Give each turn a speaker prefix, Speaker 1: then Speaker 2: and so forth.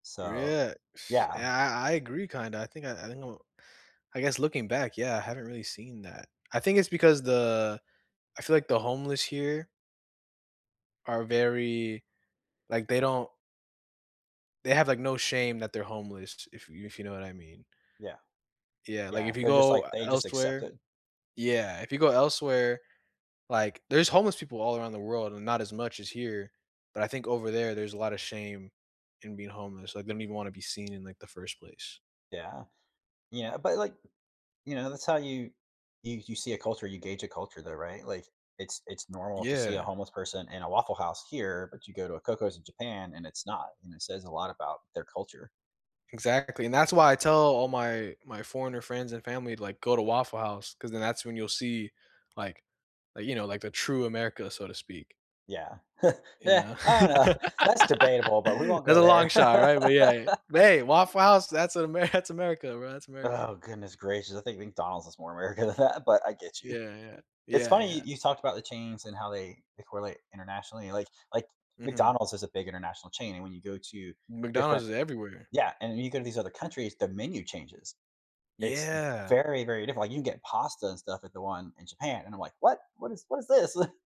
Speaker 1: Re
Speaker 2: So
Speaker 1: yeah
Speaker 2: yeah.
Speaker 1: I I agree kinda, I think I I think I don't I guess looking back, yeah, I haven't really seen that. I think it's because the I feel like the homeless here are very Like, they don't They have like no shame that they're homeless, if y if you know what I mean.
Speaker 2: Yeah.
Speaker 1: Yeah, like,
Speaker 2: Yeah.
Speaker 1: if you
Speaker 2: They're just
Speaker 1: go
Speaker 2: like they just accept
Speaker 1: elsewhere
Speaker 2: it.
Speaker 1: Yeah, if you go elsewhere Like, there's homeless people all around the world and not as much as here, but I think over there, there's a lotta shame in being homeless, like, they don't even wanna be seen in, like, the first place.
Speaker 2: Yeah. Yeah, but like You know, that's how you you you see a culture, you gauge a culture there, right? Like, it's it's normal to see a
Speaker 1: Yeah.
Speaker 2: homeless person in a Waffle House here, but you go to a Coco's in Japan and it's not, and it says a lot about their culture.
Speaker 1: Exactly, and that's why I tell all my my foreigner friends and family, like, "Go to Waffle House," 'cause then that's when you'll see, like like, you know, like, the true America, so to speak.
Speaker 2: Yeah.
Speaker 1: You
Speaker 2: Eh,
Speaker 1: know?
Speaker 2: I don't know. That's debatable, but we won't
Speaker 1: That's
Speaker 2: go
Speaker 1: a
Speaker 2: there.
Speaker 1: long shot, right? But yeah. But hey, Waffle House, that's Ame That's America, bro, that's American.
Speaker 2: Oh goodness gracious, I think McDonald's is more America than that, but I get you.
Speaker 1: Yeah, yeah.
Speaker 2: It's
Speaker 1: Yeah,
Speaker 2: funny you
Speaker 1: yeah.
Speaker 2: you talked about the chains and how they they correlate internationally, like like,
Speaker 1: Mhm.
Speaker 2: McDonald's is a big international chain and when you go to
Speaker 1: McDonald's
Speaker 2: different
Speaker 1: is everywhere.
Speaker 2: Yeah, and then you go to these other countries, the menu changes. It's
Speaker 1: Yeah.
Speaker 2: very, very different, like you can get pasta and stuff at the one in Japan and I'm like, "What? What is what is this?"